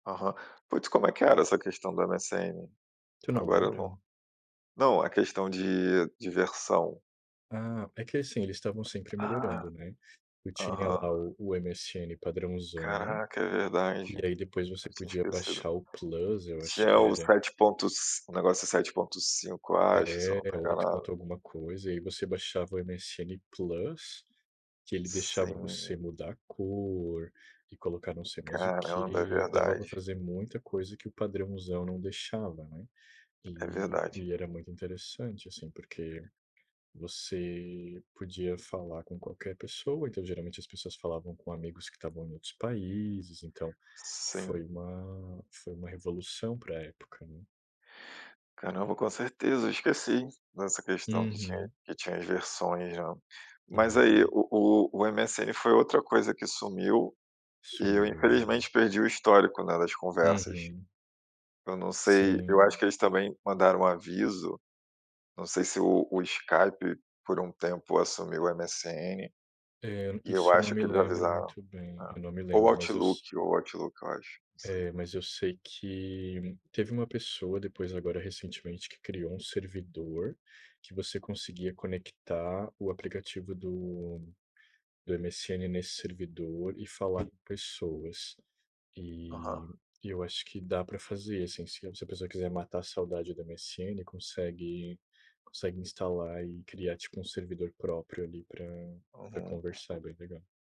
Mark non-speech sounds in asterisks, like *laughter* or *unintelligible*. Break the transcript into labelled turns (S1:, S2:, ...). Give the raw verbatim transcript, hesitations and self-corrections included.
S1: Aham. Putz, como é que era essa questão do MSN?
S2: Tu não
S1: Agora eu
S2: lembra?
S1: não, não a questão de de versão.
S2: Ah, é que, assim, eles estavam sempre
S1: Ah,
S2: melhorando, né, tu tinha
S1: aham.
S2: lá o o MSN padrãozão
S1: Caraca, é verdade.
S2: e aí depois você
S1: Eu tinha
S2: podia
S1: esquecido.
S2: baixar o plus, eu acho
S1: Tinha
S2: que
S1: o
S2: era.
S1: sete ponto ci o negócio sete ponto cinco, acho, se eu não
S2: É,
S1: estou
S2: oito
S1: enganado.
S2: ponto alguma coisa, e aí você baixava o MSN plus, que ele deixava
S1: Sim.
S2: você mudar a cor e colocar não sei mais o
S1: Caramba, é
S2: quê, dava pra
S1: verdade.
S2: fazer muita coisa que o padrãozão não deixava, né,
S1: É
S2: e,
S1: verdade.
S2: e era muito interessante, assim, porque você podia falar com qualquer pessoa. Então geralmente as pessoas falavam com amigos que estavam em outros países. Então foi
S1: Sim.
S2: uma foi uma revolução pra época, né.
S1: Caramba, com certeza, esqueci dessa questão que tinha,
S2: Uhum.
S1: que tinha as versões, né,
S2: É
S1: mas aí
S2: *unintelligible*
S1: o o o MSN foi outra coisa que sumiu e eu
S2: Sumiu, aham.
S1: infelizmente perdi o histórico, né, das conversas.
S2: Uhum.
S1: Eu não sei, eu acho
S2: Sim.
S1: que eles também mandaram aviso. Não sei se o o Skype por um tempo assumiu o MSN,
S2: É,
S1: e eu
S2: isso eu não
S1: acho
S2: me
S1: que eles
S2: lembro
S1: avisaram.
S2: muito
S1: É,
S2: bem, eu não me
S1: ou
S2: lembro, mas eu se
S1: Outlook, ou Outlook, eu acho, não sei.
S2: é, mas eu sei que teve uma pessoa depois, agora recentemente, que criou um servidor que você conseguia conectar o aplicativo do do MSN nesse servidor e falar com pessoas.
S1: Aham.
S2: E eu acho que dá pra fazer, assim, se a pessoa quiser matar a saudade do MSN, consegue, consegue instalar e criar tipo um servidor próprio ali pra pra
S1: Uhum.
S2: conversar, é bem legal.